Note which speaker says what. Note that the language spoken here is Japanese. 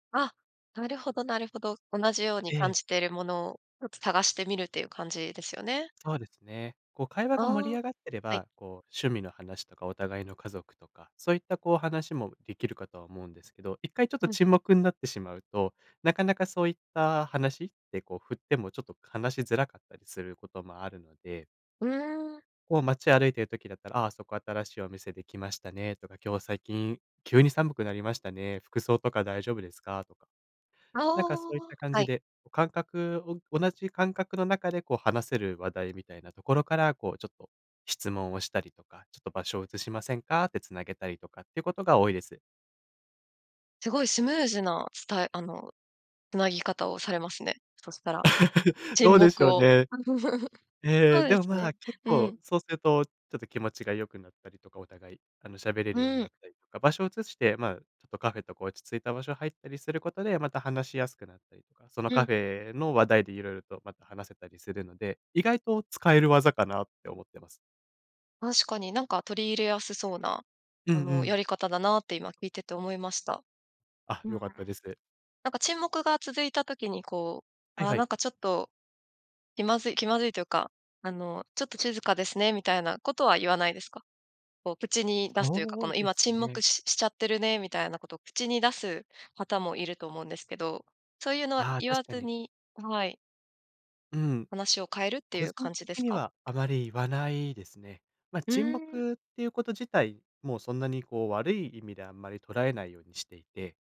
Speaker 1: あ。なるほどなるほど。同じように
Speaker 2: え
Speaker 1: 感
Speaker 2: え。
Speaker 1: じてるものを、つ探してみるっていう感じですよね？
Speaker 2: そうですね。こう会話
Speaker 1: あ
Speaker 2: が盛り
Speaker 1: あ。
Speaker 2: 上がってれ
Speaker 1: はい。
Speaker 2: ば、こう趣味の話とか、お互いの家族とか、そういったこう話もできるかとは思うんですけど、一回ちょっと
Speaker 1: うん。
Speaker 2: 沈黙んなってしまうと、なかなかそういった話？って、こう振ってもちょっと話しづらかったりすることもあるので。
Speaker 1: うーん。
Speaker 2: こう街歩いてる時だったら「あ、そこ新しいお店できましたね」とか「今日最近急に寒くなりましたね、服装とか大丈夫ですか？」とか。
Speaker 1: あ
Speaker 2: なんかそういっ
Speaker 1: あ。
Speaker 2: た感
Speaker 1: は
Speaker 2: じ
Speaker 1: い。
Speaker 2: で、お感覚を同じ感覚の中で、こう話せる話題みたいなところから、こう、ちょっと質問をしたりとか「ちょっと場所を移しませんか？」って繋げたりとかっていうことが多いです。
Speaker 1: すごいスムーズな伝えあの、繋ぎ方をされますね、そしたら。
Speaker 2: ど
Speaker 1: 沈
Speaker 2: うでし
Speaker 1: 黙
Speaker 2: ょう
Speaker 1: を。
Speaker 2: ね。ええ、
Speaker 1: そうで
Speaker 2: でも、
Speaker 1: す
Speaker 2: まあ、
Speaker 1: ね。
Speaker 2: 結
Speaker 1: う
Speaker 2: 構、
Speaker 1: ん。
Speaker 2: そうするとちょっと気持ちが良くなったりとか、お互い、あの、喋れるよう
Speaker 1: う
Speaker 2: なっ
Speaker 1: ん。
Speaker 2: たりとか、場所を移して、まあ、ちょっとカフェとか落ち着いた場所入ったりすることで、また話しやすくなったりとか、その
Speaker 1: う
Speaker 2: カ
Speaker 1: ん。
Speaker 2: フェの話題で色々とまた話せたりするので、意外と使える技かなって思ってます。
Speaker 1: 確かに、なんか取り入れやすそうな、
Speaker 2: うん
Speaker 1: あ
Speaker 2: う
Speaker 1: の、や
Speaker 2: ん。
Speaker 1: り方だなって、今聞いてて思いました。
Speaker 2: あ、
Speaker 1: うーん。
Speaker 2: 良かっ
Speaker 1: な
Speaker 2: たです。
Speaker 1: んか、沈黙が続いた時にこう、
Speaker 2: はい
Speaker 1: ああ、
Speaker 2: は
Speaker 1: な
Speaker 2: い。
Speaker 1: んかちょっと気まずい気まずいというか、あの「ちょっとちずかですね」みたいなことは言わないですか？こう口に出すというか、
Speaker 2: そ
Speaker 1: この
Speaker 2: うで
Speaker 1: 「今、
Speaker 2: す
Speaker 1: 沈
Speaker 2: ね。
Speaker 1: 黙ししちゃってるね」みたいなこと口に出す方もいると思うんですけど、そういうのは
Speaker 2: ああ、
Speaker 1: 言わ
Speaker 2: 確か
Speaker 1: ず
Speaker 2: に。
Speaker 1: にあ、はい。
Speaker 2: うん。
Speaker 1: 話を変えるって
Speaker 2: 個
Speaker 1: いう
Speaker 2: 人
Speaker 1: 感じで
Speaker 2: 的
Speaker 1: す
Speaker 2: に
Speaker 1: か？
Speaker 2: はあまり言わないですね。ま、
Speaker 1: う
Speaker 2: 沈
Speaker 1: ーん。
Speaker 2: 黙っていうこと自体、もうそんなにこう、悪い意味であんまり捉えないようにしていて。